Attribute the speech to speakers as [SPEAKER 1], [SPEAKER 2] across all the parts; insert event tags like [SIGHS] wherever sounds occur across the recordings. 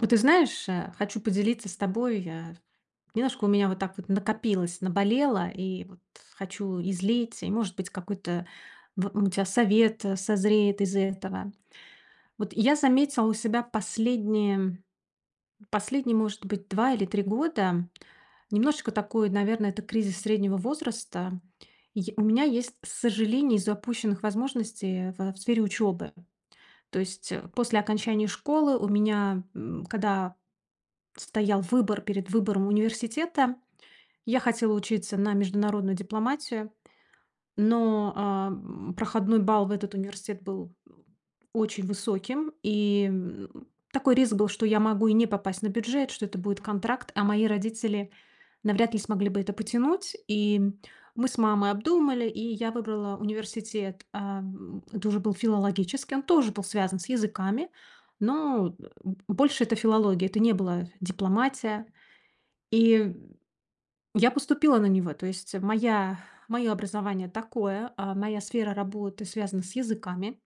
[SPEAKER 1] Вот ты знаешь, а, хочу поделиться с тобой, а. Немножко у меня вот так вот накопилось, наболело, и вот хочу излить, и, может быть, какой-то, вот, ну, у тя совет созреет из этого. Вот я заметила у себя последние последние, может быть, 2 или 3 года, немножечко такой, наверно, это кризис среднего возраста. И я у меня есть сожаление из-за упущенных возможностей, а, в в сфере учебы. То есть, а, после окончания школы, у меня, м, когда стоял выбор перед выбором университета, я хотела учиться на международную дипломатию, но, а, м, проходной балл в этот университет был очень высоким, и, м, такой риск был, что я могу и не попасть на бюджет, что это будет контракт, а мои родители навряд ли смогли бы это потянуть. И, м, мы с мамой обдумали, и я выбрала университет, э, м, это уже был филологический, он тоже был связан с языками, но, э, б больше это филология. Это не была дипломатия, и я поступила на него. То есть моя мое образование такое, а моя сфера работы связана с языками,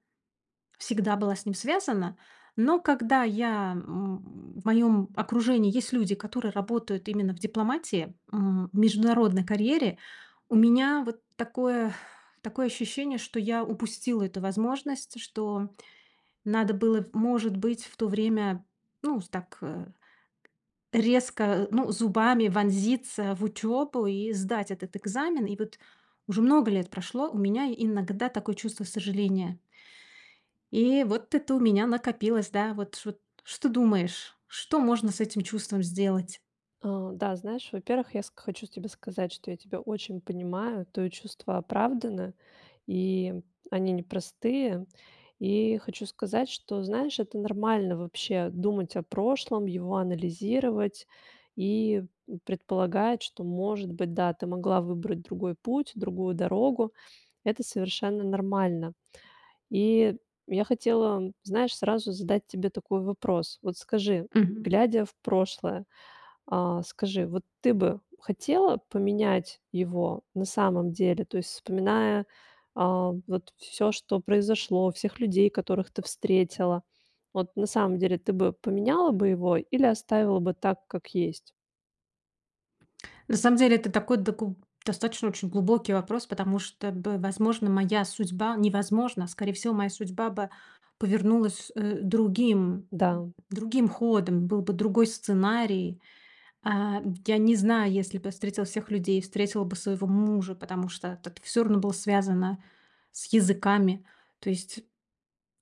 [SPEAKER 1] всегда была с ним связана. Но когда я м, в моем окружении есть люди, которые работают именно в дипломатии, м, в международной карьере, у меня вот такое [SIGHS] такое ощущение, что я упустила эту возможность, что надо было, может быть, в то время, ну, так, э, резко, ну, зубами вонзиться в учебу и сдать этот экзамен. И вот уже много лет прошло, у меня иногда такое чувство сожаления. И вот это у меня накопилось, да, вот ч вот что думаешь? Что можно с этим чувством сделать?
[SPEAKER 2] Э, да, знаешь, во-первых, я ск хочу тебе сказать, что я тебя очень понимаю, твое чувство оправдано, и они непростые. И хочу сказать, что, знаешь, это нормально вообще думать о прошлом, его анализировать и предполагать, что, может быть, да, ты могла выбрать другой путь, другую дорогу. Это совершенно нормально. И я хотела, знаешь, сразу задать тебе такой вопрос. Вот скажи,
[SPEAKER 1] Мгм.
[SPEAKER 2] глядя в прошлое, а, скажи, вот ты бы хотела поменять его, на самом деле? То есть, вспоминая, а, вот всё, что произошло, всех людей, которых ты встретила, вот, на самом деле, ты бы поменяла бы его, или оставила бы так, как есть?
[SPEAKER 1] На самом деле это такой доку достаточно очень глубокий вопрос, потому что бы, возможно, моя судьба не возможно, а скорее всего, моя судьба бы повернулась, э, другим
[SPEAKER 2] Да.
[SPEAKER 1] другим ходом. Был бы другой сценарий. А, я не знаю, если бы встретила всех людей, встретила бы своего мужа, потому что это всё равно было связано с языками. То есть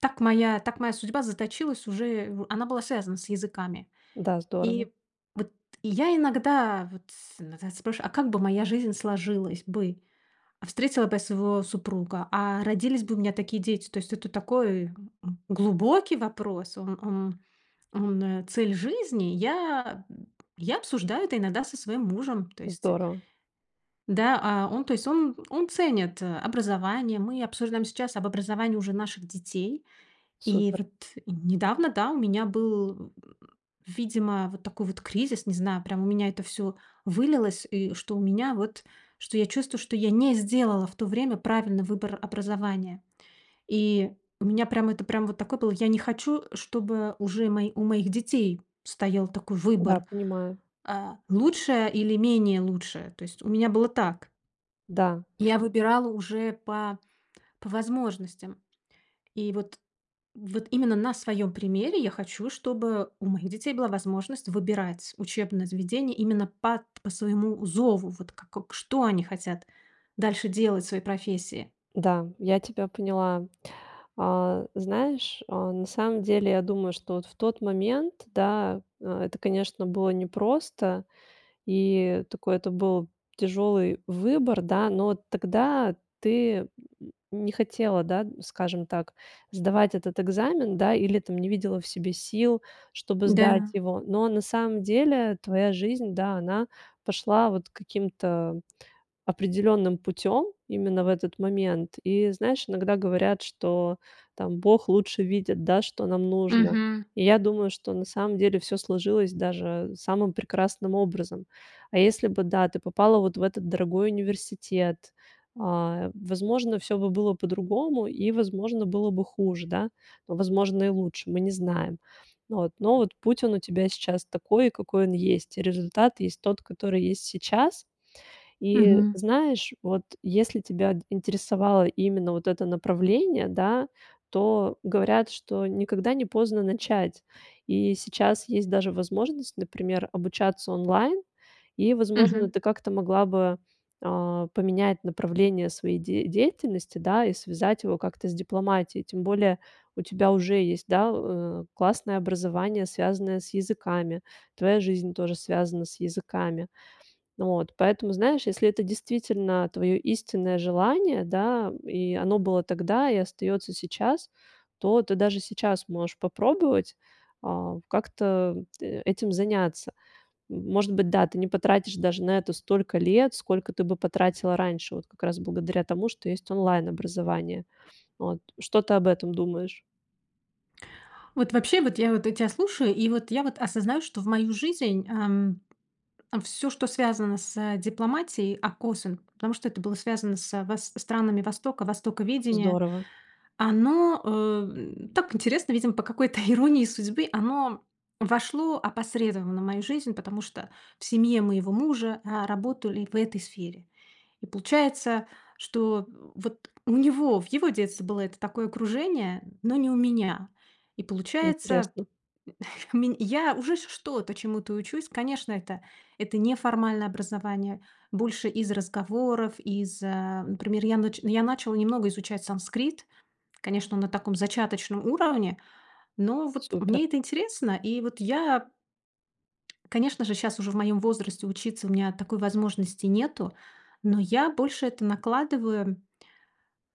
[SPEAKER 1] так моя так моя судьба заточилась уже в она была связана с языками.
[SPEAKER 2] Да, здорово.
[SPEAKER 1] И вот и я иногда вот с н спрашиваю, а как бы моя жизнь сложилась бы? А встретила бы я своего супруга? А родились бы у меня такие дети? То есть это такой, м, глубокий вопрос. Он он он- цель жизни. Я б я обсуждаю это иногда со своим мужем. То есть, э
[SPEAKER 2] Здорово.
[SPEAKER 1] Да, а, он то есть он он ценит, э, образование. Мы обсуждаем сейчас об образовании уже наших детей. И
[SPEAKER 2] Супер.
[SPEAKER 1] вот недавно, да, у меня был, э, э, видимо, вот такой вот кризис. Не знаю, прям у меня это всё вылилось. И что у меня вот что я чувствую, что я не сделала в то время правильный выбор образования. И у меня прям это прям вот такое было. Я не хочу, чтобы уже у мо у моих детей стоял такой
[SPEAKER 2] Да,
[SPEAKER 1] выбор,
[SPEAKER 2] понимаю.
[SPEAKER 1] э, лучшее или менее лучшее. То есть у меня было так.
[SPEAKER 2] Да.
[SPEAKER 1] Я выбирала уже по по возможностям. И вот вот именно на своём примере я хочу, чтобы у моих детей была возможность выбирать учебные заведения именно по по своему зову. Вот как Что они хотят дальше делать в своей профессии?
[SPEAKER 2] Да, я тебя поняла. Э, знаешь, э, на самом деле я думаю, что вот в тот момент, да, это, конечно, было непросто и такой это был тяжелый выбор, да, но тогда ты не хотела, да, скажем так, сдавать этот экзамен, да, или там не видела в себе сил, чтобы сдать
[SPEAKER 1] Да.
[SPEAKER 2] его. Но на самом деле твоя жизнь, да, она пошла вот каким-то определённым путем именно в этот момент. И знаешь, иногда говорят, что там Бог лучше видит, да, что нам нужно.
[SPEAKER 1] Мгм.
[SPEAKER 2] И я думаю, что на самом деле всё сложилось даже самым прекрасным образом. А если бы, да, ты попала вот в этот дорогой университет, а, возможно, всё бы было по-другому и, возможно, было бы хуже, да, но, возможно, и лучше, мы не знаем. Но вот путь он у тебя сейчас такой, какой он есть. Результат есть тот, который есть сейчас. И
[SPEAKER 1] Мгм.
[SPEAKER 2] знаешь, вот если тебя интересовало именно вот это направление, да, то говорят, что никогда не поздно начать. И сейчас есть даже возможность, например, обучаться онлайн. И, возможно,
[SPEAKER 1] Мгм.
[SPEAKER 2] ты как-то могла бы, а, поменять направление своей де деятельности, да, и связать его как-то с дипломатией. Тем более у тебя уже есть, да, классное образование, связанное с языками. Твоя жизнь тоже связана с языками. Вот. Поэтому, знаешь, если это действительно твоё истинное желание, да, и оно было тогда и остаётся сейчас, то ты даже сейчас можешь попробовать, а, как-то этим заняться. Может быть, да, ты не потратишь даже на это столько лет, сколько ты бы потратила раньше. Вот как раз благодаря тому, что есть онлайн-образование. Вот. Что ты об этом думаешь?
[SPEAKER 1] Вот вообще вот, я вот, я тя слушаю, и вот, я вот осознаю, что в мою жизнь, эм, всё, что связано с дипломатией, [UNINTELLIGIBLE] потому что это было связано с вос странами востока, востоковедения.
[SPEAKER 2] Здорово.
[SPEAKER 1] Оно, эм, так интересно, видимо по какой-то иронии судьбы, оно вошло опосредованно в мою жизнь, потому что в семье моего мужа, а, работали в этой сфере. И получается, что, вот, у него, в его детстве было это такое окружение, но не у меня. И получается,
[SPEAKER 2] Интересно.
[SPEAKER 1] м, [CHUCKLES] ме я уже ч что-то чему-то учусь. Конечно, это это неформальное образование. Больше из разговоров, из, э Например, я нач я начала немного изучать санскрит. Конечно, на таком зачаточном уровне. Но вот
[SPEAKER 2] Супер.
[SPEAKER 1] мне это интересно. И вот я Конечно же, щас уже в моём возрасте учиться у меня такой возможности нету, но я больше это накладываю,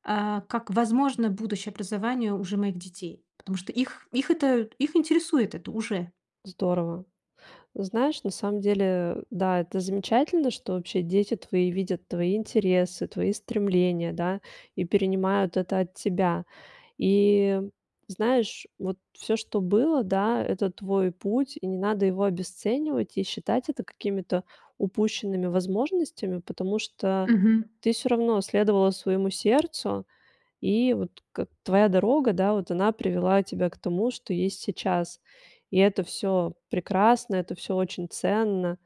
[SPEAKER 1] э, как возможно будущее образование уже моих детей, потому что их их это, их интересует это уже.
[SPEAKER 2] Здорово. Знаешь, на самом уделе, да- это замечательно, что вообще дети твои видят твои интересы, твои стремления, да, и перенимают это от тебя. И, знаешь, вот всё, что было, да- это твой путь, и не надо его обесценивать и считать это какими-то упущенными возможностями, потому что
[SPEAKER 1] Мгм.
[SPEAKER 2] ты всё равно следовала своему сердцу. И вот как твоя дорога, да, вот она привела тебя к тому, что есть сейчас. И это всё прекрасно, это всё очень ценно.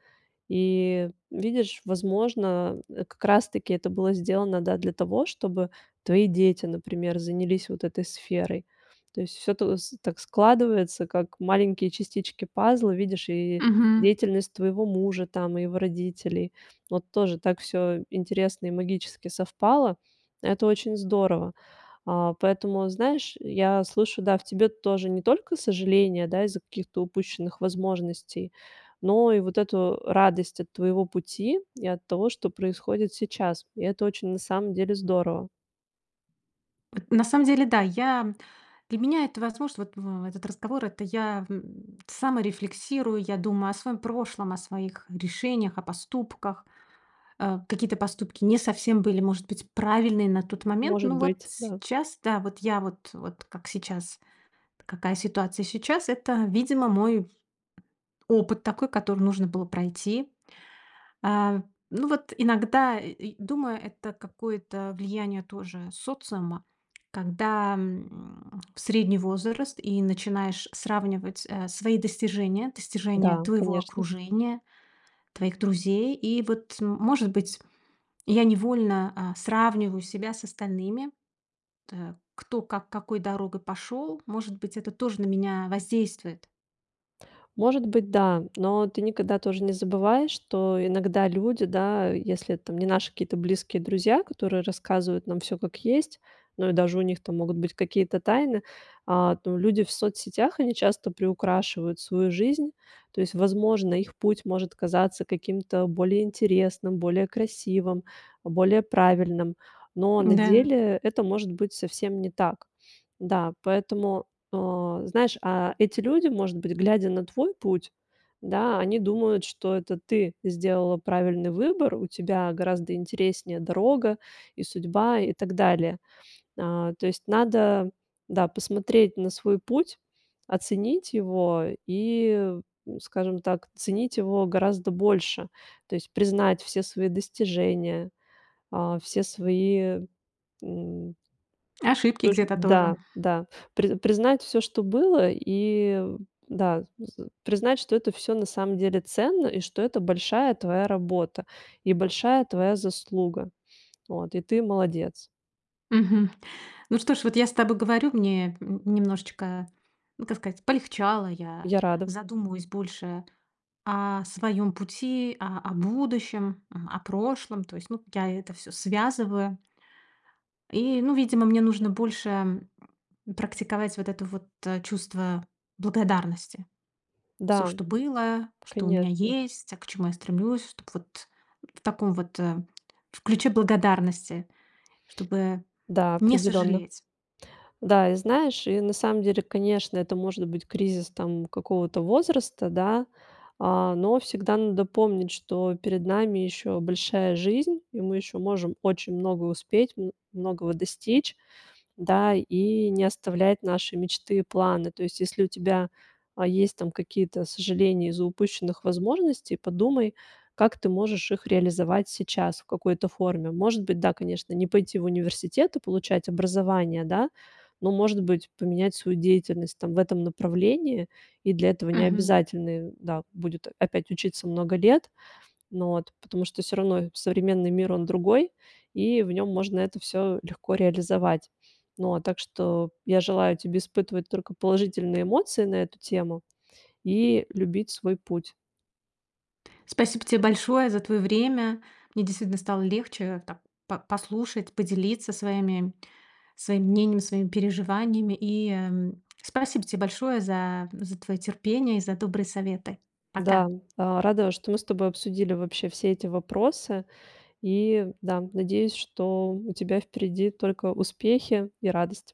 [SPEAKER 2] И, видишь, возможно, как раз таки это было сделано, да, для того, чтобы твои дети, например, занялись вот этой сферой. То есть всё тос так складывается, как маленькие частички пазла, видишь, и
[SPEAKER 1] Мгм.
[SPEAKER 2] деятельность твоего мужа там и его родителей. Вот тоже так всё интересно и магически совпало. Это очень здорово. А, поэтому, знаешь, я слышу, да, в тебе тоже не только сожаление, да, из-за каких-то упущенных возможностей, но и вот эту радость от твоего пути и от того, что происходит сейчас. И это очень на самом деле здорово.
[SPEAKER 1] На самом деле- да, я для меня это возможно. Вот в этот разговор- это я, м, саморефлексирую, я думаю о своем прошлом, о своих решениях, о поступках. Э, какие-то поступки не совсем были, может быть, правильные на тот момент.
[SPEAKER 2] Может
[SPEAKER 1] Но вот
[SPEAKER 2] быть, да.
[SPEAKER 1] сейчас, да, вот я, вот вот как сейчас, какая ситуация сейчас. Это, видимо, мой опыт такой, который нужно было пройти. Э, ну вот иногда, и и думаю, это какое-то влияние тоже социума. Когда, м, [SMACKS LIPS] средний возраст и начинаешь сравнивать, э, свои достижения, достижения
[SPEAKER 2] Да,
[SPEAKER 1] твоего
[SPEAKER 2] конечно.
[SPEAKER 1] окружения, твоих друзей. И вот, м может быть, я невольно, а, сравниваю себя с остальными, т кто как какой дорогой пошел. Может быть, это тоже на меня воздействует.
[SPEAKER 2] Может быть, да. Но ты никогда тоже не забывай, что иногда люди, да, если это, там, не наши какие-то близкие друзья, которые рассказывают нам всё, как есть, ну и даже у них там могут быть какие-то тайны. А, ну, люди в соцсетях они часто приукрашивают свою жизнь. То есть, возможно, их путь может казаться каким-то более интересным, более красивым, более правильным, но на
[SPEAKER 1] М-да.
[SPEAKER 2] деле это, может быть, совсем не так. Да, поэтому, э, знаешь, а эти люди, может быть, глядя на твой путь, да, они думают, что это ты сделала правильный выбор, у тебя гораздо интереснее дорога, и судьба, и так далее. А, то есть надо, да, посмотреть на свой путь, оценить его и, м, скажем так, ценить его гораздо больше. То есть признать все свои достижения, а, все свои, м
[SPEAKER 1] Ошибки
[SPEAKER 2] Ыр
[SPEAKER 1] где-то
[SPEAKER 2] да,
[SPEAKER 1] тоже.
[SPEAKER 2] да. При признать всё, что было и, да, з з признать, что это всё на самом деле ценно, и что это большая твоя работа и большая твоя заслуга. Вот. И ты- молодец!
[SPEAKER 1] Мгм. Ну что ж, вот я с тобой говорю, мне, м, немножечко, ну, как сказать, полегчало. Я
[SPEAKER 2] Я рада.
[SPEAKER 1] задумываюсь больше о своем пути, а, о будущем, а, о прошлом. То есть, ну, я это всё связываю. И, ну, видимо, мне нужно больше, м, практиковать вот это вот чувство благодарности. Всё,
[SPEAKER 2] Да,
[SPEAKER 1] что было, что у меня
[SPEAKER 2] конечно.
[SPEAKER 1] есть, а к чему я стремлюсь, чтоб вот в таком вот, э, в ключе благодарности, чтобы
[SPEAKER 2] Да,
[SPEAKER 1] не
[SPEAKER 2] определенно.
[SPEAKER 1] сожалеть.
[SPEAKER 2] Да, и знаешь, и на самом деле, конечно, это может быть, кризис, там, какого-то возраста, да, а, но всегда надо помнить, что перед нами еще большая жизнь и мы еще можем очень много успеть, м, многого достичь, да, и не оставлять наши мечты, планы. То есть если у тебя, а, есть, там, какие-то сожаления из-за упущенных возможностей, подумай, как ты можешь их реализовать сейчас в какой-то форме. Может быть, да, конечно, не пойти в университет и получать образование, да, но, может быть, поменять свою деятельность, там, в этом направлении. И для этого не
[SPEAKER 1] Мгм.
[SPEAKER 2] обязательны, да, будет опять учиться много лет, ну вот, потому что всё равно современный мир- он другой, и в нём можно это всё легко реализовать. Ну вот, так что я желаю тебе испытывать только положительные эмоции на эту тему и любить свой путь.
[SPEAKER 1] Спасибо те большое за твое время. Мне действительно стало легче, там, по послушать, поделиться своими своим мнением, своими переживаниями. И, эм, спасибо те большое за за твое терпение и за добрые советы.
[SPEAKER 2] Да,
[SPEAKER 1] Пока.
[SPEAKER 2] а, рада, что мы с тобой обсудили вообще все эти вопросы, и да, надеюсь, что у тебя впереди только успехи и радость.